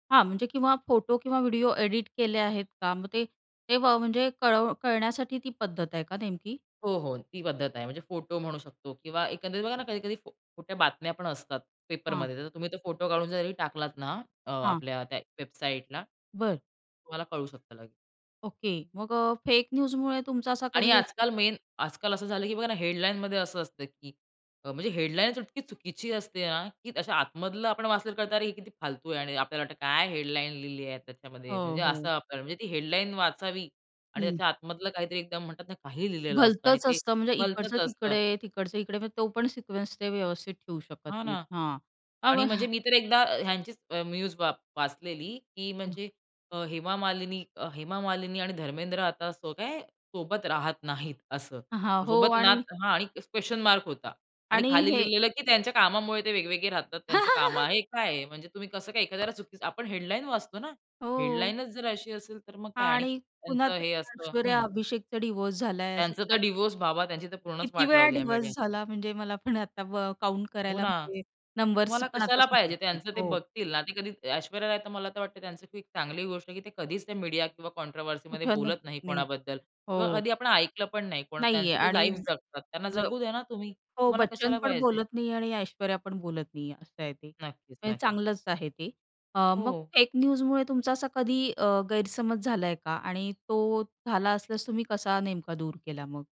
हां, म्हणजे किंवा फोटो किंवा व्हिडिओ एडिट केले आहेत का? मग ते तेव्हा म्हणजे कळव कळवण्यासाठी ती पद्धत आहे का नेमकी? हो, हो, ती पद्धत आहे. म्हणजे फोटो म्हणू शकतो किंवा एकंदरीत बघा ना, कधी-कधी फो खोट्या बातम्या पण असतात हां. पेपरमध्ये. तर तुम्ही तो फोटो काढून जरी टाकलात ना, अ, हां. आपल्या त्या वेबसाईटला. बरं. तुम्हाला कळू शकतं लगेच. ओके, मग अ, फेक न्यूजमुळे तुमचा असा आणि कधी आजकाल मेन. आजकाल असं झालं, की बघा ना, हेडलाईनमध्ये असं असतं, की अ, म्हणजे हेडलाईन इतकी चुकीची असते ना, की अशा आतमधलं आपण वाचलं तर कळतं, अरे, हे किती फालतू आहे. आणि आपल्याला वाटतं, काय हेडलाईन लिहली आहे त्याच्यामध्ये, हो, म्हणजे असं हो. आपल्याला. म्हणजे ती हेडलाईन वाचावी आणि हं. त्याच्या आतमधलं काहीतरी एकदम म्हणतात ना, काहीही लिहिलेलं असतं आणि भलतंच ते असतं, म्हणजे इकडचं भलतंच असतं. तिकडे, तिकडचं इकडे. म्हणजे तो पण सिक्वेन्स ते व्यवस्थित ठेऊ शकत हां नाहीत ना हां. अ, आणि मग म्हणजे मी तर एकदा अ, ह्यांची अ, न्यूज वा वाचलेली, की हां. म्हणजे अ, हेमा मालिनी अ, हेमा मालिनी आणि धर्मेंद्र आता असं काय सोबत राहत नाहीत, असं. हां, हो सोबत ना आणि हां, आणि क्वेशन मार्क होता आणि आणि खाली हे लिहिलेलं, की त्यांच्या कामामुळे ते वेगवेगळे राहतात, त्यांचं काम आहे. हे काय आहे? म्हणजे तुम्ही कसं काय एखाद्याला चुकीचं, आपण हेडलाईन वाचतो ना. हो. हेडलाईनच जर अशी असेल, तर मग काय? आणि आणि पुन्हा त्यांचं ते हे असतं ऐश्वर्या हं. अभिषेकचा डिव्होर्स झाला आहे असं त्यांचं तर काय. डिव्होर्स बाबा. त्यांची तर पूर्णच किती वाट वेळा लावली आहे डिव्होर्स मीडिया झाला, म्हणजे मला पण आता व काउंट हो करायला ना. म्हणजे नंबर्स तुम्हाला पण आता कशाला सुचत पाहिजे? नाही, त्यांचं ते हो. बघतील ना. ते कधी ऐश्वर्या राय तर मला तर वाटतं त्यांचं, की चांगली गोष्ट आहे, की ते कधीच ते मीडिया किंवा कॉन्ट्रोव्हर्सीमध्ये कुठं नाही बोलत नाही नाही कोणाबद्दल किंवा हो. कधी आपण ऐकलं पण नाही. कोण नाही त्यांचं आहे ते आणि लाईफ जगतात. त्यांना [unintelligible] जगू द्या ना तुम्ही. हो, तुम्हाला बच्चन कशाला पण पाहिजे. बोलत नाही आणि ऐश्वर्या पण बोलत नाही आहे, असं आहे ते. नक्कीच, म्हणजे नक्की. चांगलंच आहे ते. अ, मग हो. फेक न्यूजमुळे तुमचा असा कधी अ, गैरसमज झालाय का? आणि तो झाला असल्यास तुम्ही कसा नेमका दूर केला मग?